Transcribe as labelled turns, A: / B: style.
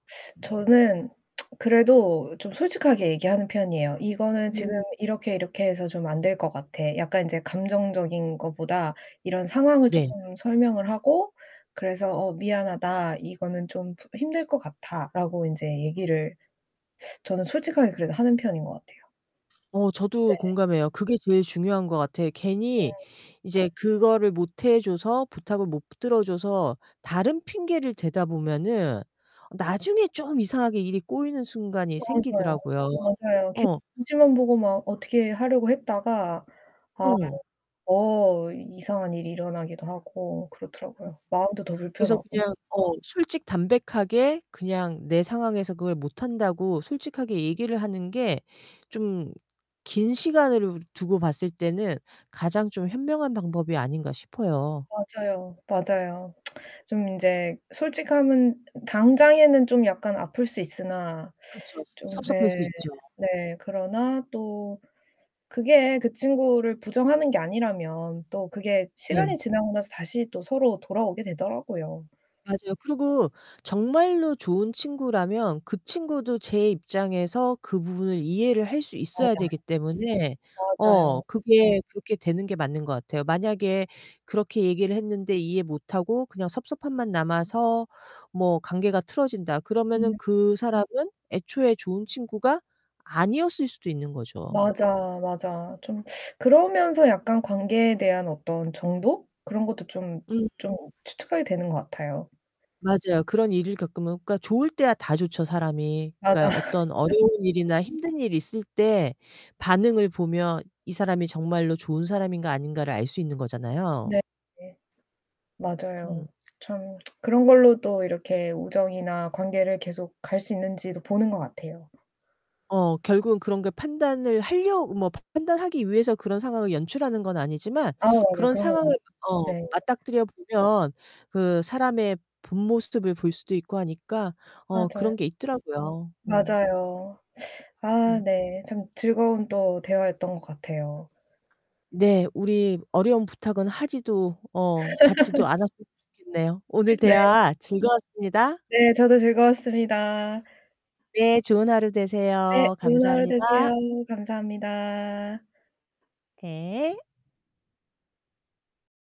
A: 저는 그래도 좀 솔직하게 얘기하는 편이에요. "이거는 지금
B: 음.
A: 이렇게 이렇게 해서 좀 안 될 것 같아." 약간 인제 감정적인 거보다 이런 상황을
B: 네.
A: 쪼끔 설명을 하고 그래서 "어, 미안하다. 이거는 좀 힘들 것 같아."라고 인제 얘기를 저는 솔직하게 그래도 하는 편인 것 같아요.
B: 어
A: 네.
B: 저도 공감해요. 그게 제일 중요한 것 같아요. 괜히
A: 어.
B: 이제 그거를 못 해 줘서, 부탁을 못 들어줘서 다른 핑계를 대다 보면은 나중에 좀 이상하게 일이 꼬이는 순간이
A: 맞아요.
B: 생기더라고요.
A: 맞아요. 괜히
B: 어.
A: 눈치만 보고 막 어떻게 하려고 했다가 아유
B: 어.
A: 어 이상한 일이 일어나기도 하고 그렇더라고요. 마음도 더
B: 그래서
A: 불편하고.
B: 그냥 어, 솔직 담백하게 그냥 내 상황에서 그걸 못한다고 솔직하게 얘기를 하는 게 좀 긴 시간을 두고 봤을 때는 가장 좀 현명한 방법이 아닌가 싶어요.
A: 맞아요, 맞아요. 좀 인제 솔직함은 당장에는 좀 약간 아플 수 있으나
B: 그쵸.
A: 좀
B: 섭섭할
A: 예.
B: 수 있죠.
A: 네. 그러나 또 그게 그 친구를 부정하는 게 아니라면 또 그게 시간이
B: 네.
A: 지나고 나서 다시 또 서로 돌아오게 되더라고요.
B: 맞아요. 그리고 정말로 좋은 친구라면 그 친구도 제 입장에서 그 부분을 이해를 할 수 있어야
A: 맞아.
B: 되기 때문에 어
A: 맞아요.
B: 그게 그렇게 되는 게 맞는 것 같아요. 만약에 그렇게 얘기를 했는데 이해 못하고 그냥 섭섭함만 남아서 뭐 관계가 틀어진다 그러면은
A: 음.
B: 그 사람은 애초에 좋은 친구가 아니었을 수도 있는 거죠.
A: 맞아, 맞아. 좀 그러면서 약간 관계에 대한 어떤 정도? 그런 것도 좀,
B: 음.
A: 좀 추측하게 되는 것 같아요.
B: 맞아요. 그런 일을 겪으면 그러니까 좋을 때야 다 좋죠, 사람이.
A: 맞아.
B: 그러니까 어떤 어려운 일이나 힘든 일이 있을 때 반응을 보면 이 사람이 정말로 좋은 사람인가 아닌가를 알 수 있는 거잖아요.
A: 네.
B: 음.
A: 맞아요. 참 그런 걸로 또 이렇게 우정이나 관계를 계속 갈 수 있는지도 보는 것 같아요.
B: 어. 결국은 그런 걸 판단을 할려 뭐 판단하기 위해서 그런 상황을 연출하는 건 아니지만
A: 아 맞아요.
B: 그런
A: 그런 건
B: 상황을
A: 아니죠.
B: 만 어
A: 네.
B: 맞닥뜨려 보면 그 사람의 본 모습을 볼 수도 있고 하니까 어
A: 맞아요.
B: 그런 게 있더라고요. 음.
A: 맞아요. 아,
B: 음.
A: 네. 참 즐거운 또 대화였던 것 같아요.
B: 네. 우리 어려운 부탁은 하지도 어 받지도 않았으면 좋겠네요. 오늘
A: 네.
B: 대화 즐거웠습니다.
A: 네. 저도 즐거웠습니다.
B: 네. 좋은 하루
A: 네,
B: 되세요.
A: 좋은 하루
B: 감사합니다.
A: 되세요. 감사합니다.
B: 예.